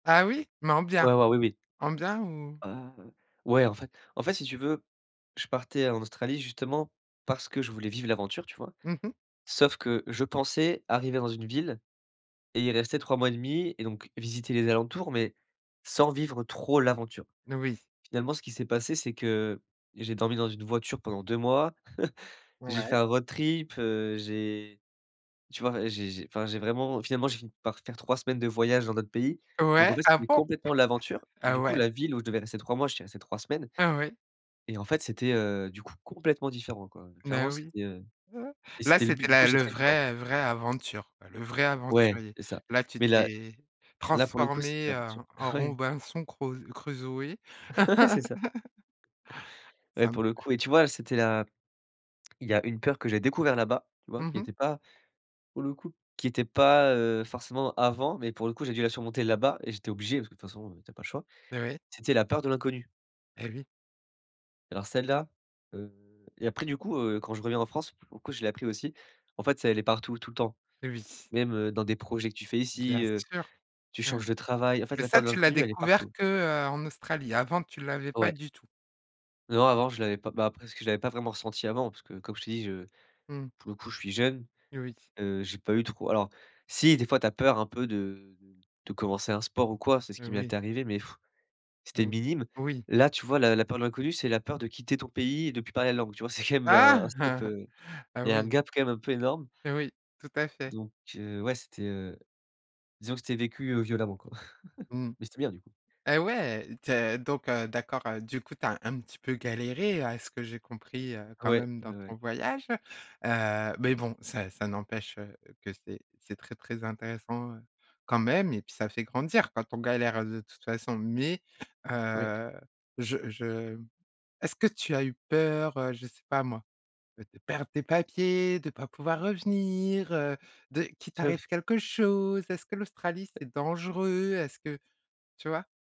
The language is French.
Ah oui? Mais en bien? Ouais ouais, oui oui. En bien ou? Heu, ouais en fait. En fait si tu veux, je partais en Australie justement parce que je voulais vivre l'aventure tu vois? Mmh mh. Sauf que je pensais arriver dans une ville et y rester 3 mois et demi et donc visiter les alentours, mais sans vivre trop l'aventure. Moui. Finalement ce qui s'est passé, c'est que j'ai dormi dans une voiture pendant 2 mois. J'ai Ouais. fait un road trip, heu, j'ai tu vois? J j'ai enfin j'ai vraiment finalement j'ai fini par faire 3 semaines de voyage dans d'autres pays. Donc en Ouais, fait, ah c'était bon? complètement l'aventure. Ah Du coup, ouais. la ville où je devais rester 3 mois, j'y suis resté 3 semaines Ah oui. et en fait, c'était, heu, du coup complètement différent quoi. Mais Clairement, oui. c'était, heu et Là c'était le c'était but du coup, la j'étais le très content. vrai, heu, vrai aventure quoi, le vrai Ouais, aventurier. c'est ça. Là tu Mais là t'es là pour le coup, c'était transformé l'aventure. en en Ouais. Robinson, crau Crusoé. Ouais c'est ça. Ouais Ça me pour le coup et tu vois, c'était la il y a une peur que j'ai découvert là-bas, tu vois? Mmh Qui mh. était pas pour le coup, qui était pas, heu, forcément avant, mais pour le coup, j'ai dû la surmonter là-bas et j'étais obligé, parce que de toute façon, tu as pas le choix. Ouais. C'était la peur de l'inconnu Eh oui. alors celle-là heu et après du coup, heu, quand je reviens en France, pour le coup je l'ai appris aussi. En fait, c'est elle est partout, tout le temps. Oui. Même, heu, dans des projets que tu fais ici, Bien heu, sûr! tu Mmh. changes de travail. En fait, Mais la peur ça de tu l'as l'inconnu, elle est découvert partout. que, heu, en Australie? Avant tu l'avais pas Ouais. du tout? Non avant je l'avais pas. Bah après c'est que je l'avais pas vraiment ressentie avant parce que comme je t'ai dis je Mmh. pour le coup je suis jeune, Oui. heu, j'ai pas eu trop alors si, des fois tu as peur un peu de de commencer un sport ou quoi, c'est ce qui Heu, oui. m'était arrivé, mais c'était Ou minime. oui. Là, tu vois, la la peur de l'inconnu, c'est la peur de quitter ton pays et de plus parler la langue. Tu vois, c'est quand même un un step, Ah! heu. Ah Il y un oui. gap quand même un peu énorme Oui, tout à fait. donc heu, ouais, c'était, heu, disons que c'était vécu, heu, violemment quoi. Mmh Mais c'était bien du coup! et ouais! Tu as donc heu, d'accord, heu, du coup tu as un petit peu galéré à ce que j'ai compris, heu, quand Ouais, même dans bah ton ouais. voyage. Heu, mais bon, ça ça n'empêche, heu, que c'est c'est très très intéressant, heu, quand même et puis ça fait grandir quand on galère, heu, de toute façon. Mais Ouais. heu, je je est-ce que tu as eu peur, heu, je sais pas moi, heu, de perdre tes papiers, de pas pouvoir revenir, heu, de qu'il [unintelligible] t'arrive quelque chose? Est-ce que l'Australie, Heu c'est dangereux? Est-ce que tu vois?